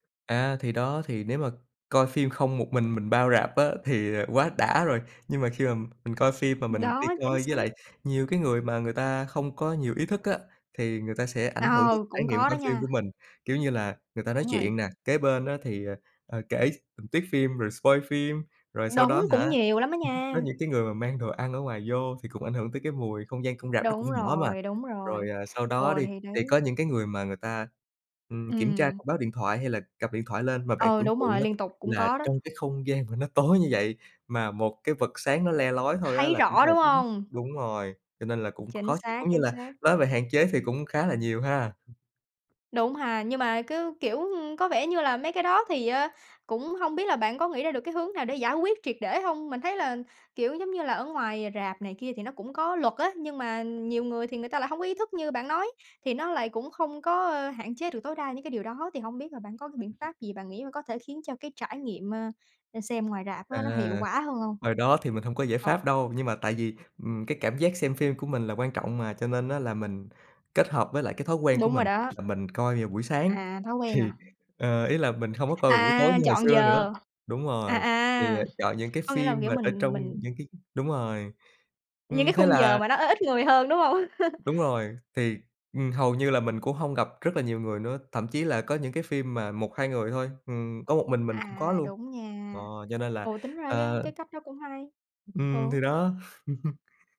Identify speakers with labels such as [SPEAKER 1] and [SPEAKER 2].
[SPEAKER 1] À, thì đó, thì nếu mà coi phim không một mình mình bao rạp á thì, à, quá đã rồi, nhưng mà khi mà mình coi phim mà mình đi
[SPEAKER 2] Đó, chính
[SPEAKER 1] coi với lại
[SPEAKER 2] xác.
[SPEAKER 1] nhiều cái người mà người ta không có nhiều ý thức á thì người ta sẽ ảnh hưởng tới
[SPEAKER 2] Ờ,
[SPEAKER 1] trải
[SPEAKER 2] cũng
[SPEAKER 1] nghiệm
[SPEAKER 2] có đó
[SPEAKER 1] coi phim
[SPEAKER 2] nha.
[SPEAKER 1] của mình. Kiểu như là, người ta nói
[SPEAKER 2] Đúng rồi.
[SPEAKER 1] chuyện nè, kế bên á thì, ờ, ờ, kể tình tiết phim rồi spoil phim, rồi sau đó
[SPEAKER 2] Đúng, cũng
[SPEAKER 1] hả,
[SPEAKER 2] nhiều lắm á
[SPEAKER 1] có
[SPEAKER 2] nha.
[SPEAKER 1] những cái người mà mang đồ ăn ở ngoài vô thì cũng ảnh hưởng tới cái mùi, không gian cong rạp nó cũng
[SPEAKER 2] Đúng
[SPEAKER 1] nhỏ mà.
[SPEAKER 2] rồi, đúng rồi.
[SPEAKER 1] Rồi, à, sau
[SPEAKER 2] Ừ,
[SPEAKER 1] đó đi,
[SPEAKER 2] thì
[SPEAKER 1] thì
[SPEAKER 2] đấy.
[SPEAKER 1] có những cái người mà người ta, ừm, kiểm tra
[SPEAKER 2] Ừm.
[SPEAKER 1] thông báo điện thoại hay là cặp điện thoại lên, mà bạn
[SPEAKER 2] Ừ,
[SPEAKER 1] tưởng
[SPEAKER 2] đúng
[SPEAKER 1] tượng
[SPEAKER 2] rồi,
[SPEAKER 1] đó
[SPEAKER 2] liên tục cũng
[SPEAKER 1] là
[SPEAKER 2] có đó.
[SPEAKER 1] trong cái không gian mà nó tối như vậy mà một cái vật sáng nó le lói thôi á
[SPEAKER 2] Thấy
[SPEAKER 1] là cũng
[SPEAKER 2] rõ,
[SPEAKER 1] là
[SPEAKER 2] đúng
[SPEAKER 1] [unintelligible]
[SPEAKER 2] hông?
[SPEAKER 1] đúng rồi, cho nên là cũng
[SPEAKER 2] Chính
[SPEAKER 1] khó chịu,
[SPEAKER 2] xác,
[SPEAKER 1] cũng như
[SPEAKER 2] chính
[SPEAKER 1] là
[SPEAKER 2] xác.
[SPEAKER 1] nói về hạn chế thì cũng khá là nhiều ha.
[SPEAKER 2] Đúng ha, nhưng mà cứ, kiểu, ưm có vẻ như là mấy cái đó thì, ơ, cũng hông biết là bạn có nghĩ ra được cái hướng nào để giải quyết triệt để hông? Mình thấy là, kiểu, giống như là, ở ngoài rạp này kia thì nó cũng có luật á, nhưng mà nhiều người thì người ta lại hông có ý thức như bạn nói thì nó lại cũng không có hạn chế được tối đa những cái điều đó. Thì hông biết là bạn có cái biện pháp gì bạn nghĩ bạn có thể khiến cho cái trải nghiệm, ơ, xem ngoài rạp
[SPEAKER 1] À,
[SPEAKER 2] á nó hiệu quả hơn hông?
[SPEAKER 1] hồi đó thì mình không có giải
[SPEAKER 2] Ờ.
[SPEAKER 1] pháp đâu, nhưng mà tại vì, ừm, cái cảm giác xem phim của mình là quan trọng mà cho nên á là mình kết hợp với lại cái thói quen của
[SPEAKER 2] Đúng rồi
[SPEAKER 1] mình
[SPEAKER 2] đó.
[SPEAKER 1] là mình coi vào buổi sáng.
[SPEAKER 2] À, thói
[SPEAKER 1] Thì
[SPEAKER 2] quen hả?
[SPEAKER 1] ờ, ý là mình hông có coi vào buổi tối
[SPEAKER 2] À,
[SPEAKER 1] như hồi
[SPEAKER 2] chọn
[SPEAKER 1] xưa nữa
[SPEAKER 2] giờ,
[SPEAKER 1] đúng
[SPEAKER 2] à,
[SPEAKER 1] rồi, thì
[SPEAKER 2] à,
[SPEAKER 1] chọn những cái
[SPEAKER 2] có nghĩa
[SPEAKER 1] phim
[SPEAKER 2] là, kiểu,
[SPEAKER 1] mà ở
[SPEAKER 2] mình
[SPEAKER 1] trong
[SPEAKER 2] mình
[SPEAKER 1] những cái đúng rồi.
[SPEAKER 2] Những
[SPEAKER 1] Ừm,
[SPEAKER 2] cái
[SPEAKER 1] thế
[SPEAKER 2] khung giờ
[SPEAKER 1] là
[SPEAKER 2] mà nó ít ít người hơn, đúng hông?
[SPEAKER 1] Đúng rồi, thì, ừm, hầu như là mình cũng hông gặp rất là nhiều người nữa, thậm chí là có những cái phim mà 1,2 người thôi, ừm, có một mình mình cũng có
[SPEAKER 2] À,
[SPEAKER 1] luôn.
[SPEAKER 2] đúng
[SPEAKER 1] Ờ,
[SPEAKER 2] nha.
[SPEAKER 1] cho nên là,
[SPEAKER 2] Ồ, tính ra cái
[SPEAKER 1] ờ
[SPEAKER 2] cái cách nó cũng hay,
[SPEAKER 1] Ừm, thì
[SPEAKER 2] ừ.
[SPEAKER 1] đó.